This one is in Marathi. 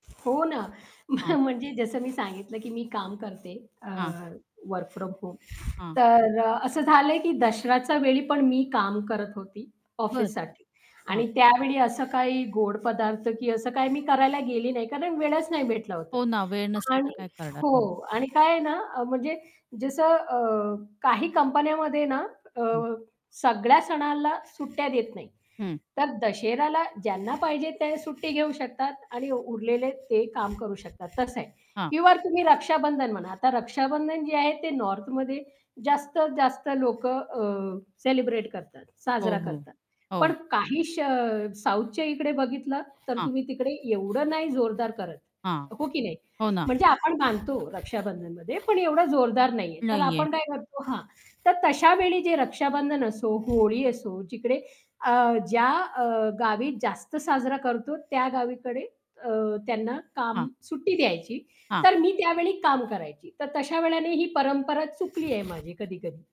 हो ना. म्ह हां. म्हणजे जसं मी सांगितलं की मी काम करते अ, हां. वर्क फ्रॉम होम हां. तर अ, असं झालंय की दसऱ्याच्यावेळी पण मी काम करत होती, बरं. ऑफिससाठी हां. आणि त्यावेळी असं काही गोड पदार्थ किंवा असं काही मी करायला गेली नाही, कारण वेळच नाही भेटला होता. हो ना वेळ नसेल तर आणि काय करणार हो. मग? आणि काय आहे ना अ, म्हणजे जसं अ, काही कंपन्यांमध्ये ना अ, हं. सगळ्या सणाला सुट्ट्या देत नाहीत. हं. तर दशेरेला ज्यांना पाहिजे ते सुट्टी घेऊ शकतात आणि उरलेले ते काम करू शकतात, तसं आहे. हां. किंवा तुम्ही रक्षाबंधन म्हणा. आता रक्षाबंधन जे आहे ते नॉर्थमध्ये जास्तीत जास्त लोक अ, सेलिब्रेट करतात, हो, साजरा हो. करतात. पण हो. काही श अ, साउथच्या इकडे बघितलं, तर हां. तुम्ही तिकडे एवढं नाही जोरदार करत. हां. हो की नाही? हो ना म्हणजे आपण बांधतो रक्षाबंधनमध्ये, पण एवढं जोरदार नाहीये. तर नाहीये. आपण काय करतो हां. तर तशा वेळी जे रक्षाबंधन असो, होळी असो, जिकडे अ, ज्या अ, गावी जास्त साजरा करतो त्या गावीकडे अ, त्यांना काम हां. सुट्टी द्यायची. हां. तर मी त्यावेळी काम करायची. तर तशा वेळाने ही परंपरा चुकली आहे, माझी कधी-कधी.